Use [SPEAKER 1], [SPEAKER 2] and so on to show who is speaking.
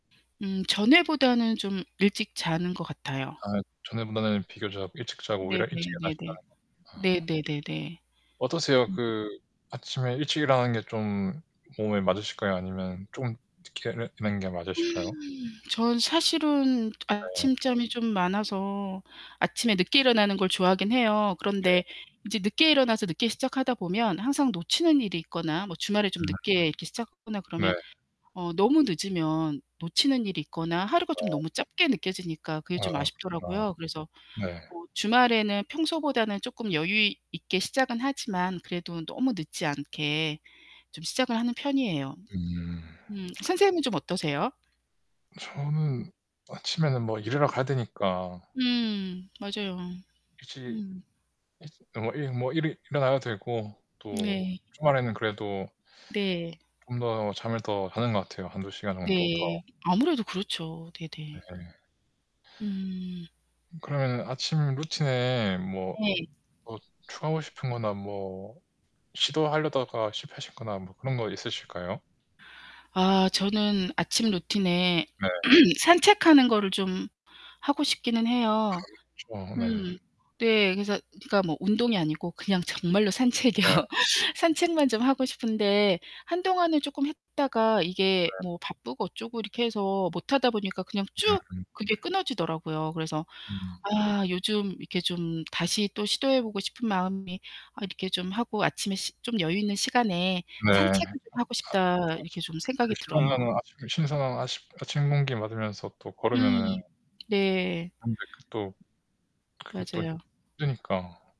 [SPEAKER 1] 음 전에보다는 좀 일찍 자는 것 같아요.
[SPEAKER 2] 아, 전에보다는 비교적 일찍 자고 오히려 일찍
[SPEAKER 1] 네네네네.
[SPEAKER 2] 일어나신다는 거죠. 아.
[SPEAKER 1] 네네네네.
[SPEAKER 2] 어떠세요?
[SPEAKER 1] 음.
[SPEAKER 2] 그 아침에 일찍 일어나는 게 좀 몸에 맞으실까요? 아니면 좀 늦게 일어 일어나는 게
[SPEAKER 1] 음.
[SPEAKER 2] 맞으실까요?
[SPEAKER 1] 전 사실은
[SPEAKER 2] 네.
[SPEAKER 1] 아침잠이 좀 많아서 아침에 늦게 일어나는 걸 좋아하긴 해요.
[SPEAKER 2] 네.
[SPEAKER 1] 그런데 이제 늦게 일어나서 늦게 시작하다 보면 항상 놓치는 일이 있거나, 뭐 주말에 좀
[SPEAKER 2] 음.
[SPEAKER 1] 늦게 이렇게 시작하거나
[SPEAKER 2] 네.
[SPEAKER 1] 그러면 어 너무 늦으면 놓치는 일이 있거나 하루가 좀
[SPEAKER 2] 아.
[SPEAKER 1] 너무 짧게 느껴지니까 그게
[SPEAKER 2] 아
[SPEAKER 1] 좀
[SPEAKER 2] 그렇구나.
[SPEAKER 1] 아쉽더라고요. 그래서
[SPEAKER 2] 네.
[SPEAKER 1] 어 주말에는 평소보다는 쪼끔 여유 있게 시작은 하지만 그래도 너무 늦지 않게 좀 시작을 하는 편이에요.
[SPEAKER 2] 음.
[SPEAKER 1] 음 선생님은 좀 어떠세요?
[SPEAKER 2] 저는 아침에는 뭐 일하러 가야 되니까.
[SPEAKER 1] 음, 맞아요.
[SPEAKER 2] 일찍
[SPEAKER 1] 음.
[SPEAKER 2] 일찍 어 일 뭐 일어나야 되고 또
[SPEAKER 1] 네.
[SPEAKER 2] 주말에는 그래도
[SPEAKER 1] 네.
[SPEAKER 2] 좀 더 잠을 더 자는 것 같아요. 1-2 시간 정도 더.
[SPEAKER 1] 네, 아무래도 그렇죠. 네네.
[SPEAKER 2] 네.
[SPEAKER 1] 음.
[SPEAKER 2] 그러면은 아침 루틴에 뭐
[SPEAKER 1] 네.
[SPEAKER 2] 뭐 추가하고 싶은 거나 뭐 시도하려다가 실패하셨거나 뭐 그런 거 있으실까요?
[SPEAKER 1] 아, 저는 아침 루틴에
[SPEAKER 2] 네.
[SPEAKER 1] 산책하는 것을 좀 하고 싶기는 해요.
[SPEAKER 2] 그렇죠. 네.
[SPEAKER 1] 음. 네, 그래서 그니까 뭐 운동이 아니고 그냥 정말로 산책이요.
[SPEAKER 2] 네.
[SPEAKER 1] 산책만 좀 하고 싶은데 한동안은 쪼끔 했다가 이게
[SPEAKER 2] 네.
[SPEAKER 1] 뭐 바쁘고 어쩌고 이렇게 해서 못하다 보니까 그냥 쭉
[SPEAKER 2] 음.
[SPEAKER 1] 그게 끊어지더라고요. 그래서
[SPEAKER 2] 음.
[SPEAKER 1] 아, 요즘 이렇게 좀 다시 또 시도해 보고 싶은 마음이 아 이렇게 좀 하고 아침에 시 좀 여유 있는 시간에
[SPEAKER 2] 네.
[SPEAKER 1] '산책을 좀 하고 싶다.' 이렇게 좀
[SPEAKER 2] [unintelligible] 그
[SPEAKER 1] 생각이 들어요.
[SPEAKER 2] 시원한 신선한 아침 아침 공기 맞으면서 또
[SPEAKER 1] 음
[SPEAKER 2] 걸으면은
[SPEAKER 1] 네.
[SPEAKER 2] 근데 그것도 그게 또
[SPEAKER 1] 맞아요.
[SPEAKER 2] 힘드니까.